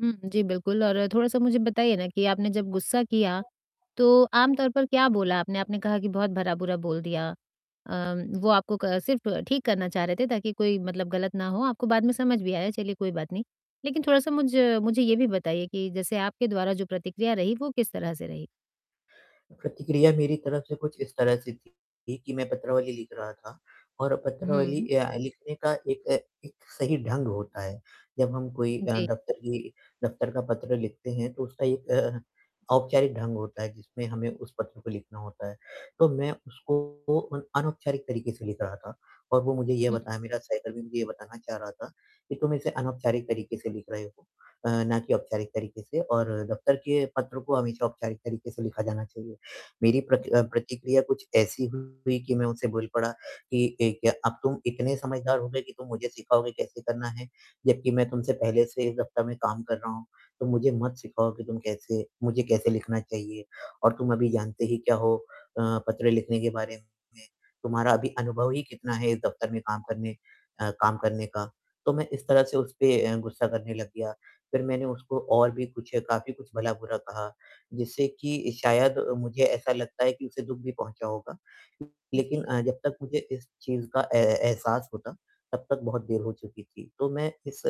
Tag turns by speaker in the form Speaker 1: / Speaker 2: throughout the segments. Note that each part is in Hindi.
Speaker 1: हुँ, जी, बिल्कुल। और थोड़ा-सा मुझे बताइए ना कि आपने जब गुस्सा किया, तो आमतौर पर क्या बोला आपने? आपने कहा कि बहुत भला-बुरा बोल दिया। अ, वो आपको क सिर्फ़ ठीक करना चाह रहे थे ताकि कोई मतलब गलत ना हो, आपको बाद में समझ भी आया, चलिए कोई बात नहीं। लेकिन थोड़ा-सा मुझ मुझे ये भी बताइए कि जैसे आपके द्वारा जो प्रतिक्रिया रही वो किस तरह से रही?
Speaker 2: प्रतिक्रिया मेरी तरफ़ से कुछ इस तरह से थी ये कि मैं पत्रावली लिख रहा था और पत्रावली
Speaker 1: हुँ।
Speaker 2: अ, लिखने का एक एक सही ढंग होता है। जब हम कोई अ,
Speaker 1: जी।
Speaker 2: दफ़्तर की दफ़्तर का पत्र लिखते हैं तो उसका एक अ, औपचारिक ढंग होता है, जिसमें हमें उस पत्र को लिखना होता है। तो मैं उसको अ, अनौपचारिक तरीके से लिख रहा था और वो मुझे यह
Speaker 1: हुँ।
Speaker 2: बताया मेरा सहकर्मी मुझे यह बताना चाह रहा था कि तुम इसे अनौपचारिक तरीके से लिख रहे हो अ, ना कि औपचारिक तरीके से और दफ़्तर के पत्र को हमेशा औपचारिक तरीके से लिखा जाना चाहिए। मेरी प्रक अ, प्रतिक्रिया कुछ ऐसी हुई कि मैं उससे बोल पड़ा कि ए अ, "अब तुम इतने समझदार हो गए कि तुम मुझे सिखाओगे कैसे करना है? जबकि मैं तुमसे पहले से इस दफ्तर में काम कर रहा हूँ, तुम मुझे मत सिखाओ कि तुम कैसे मुझे कैसे लिखना चाहिए। और तुम अभी जानते ही क्या हो अ, पत्र लिखने के बारे में? तुम्हारा अभी अनुभव ही कितना है इस दफ़्तर में काम करने अ, काम करने का?" तो मैं इस तरह से उस पे अ, गुस्सा करने लग गया। फिर मैंने उसको और भी कुछ, काफ़ी कुछ भला बुरा कहा, जिससे कि शायद मुझे ऐसा लगता है कि उसे दुःख भी पहुँचा होगा। लेकिन
Speaker 1: जी।
Speaker 2: अ, जब तक मुझे इस चीज़ का ए ए एहसास होता, तब तक बहुत देर हो चुकी थी। तो मैं इस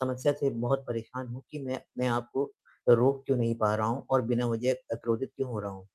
Speaker 2: समस्या से बहुत परेशान हूँ कि मैं अपने आप को रोक क्यों नहीं पा रहा हूँ और बिना वजह अ, क्रोधित क्यों हो रहा हूँ।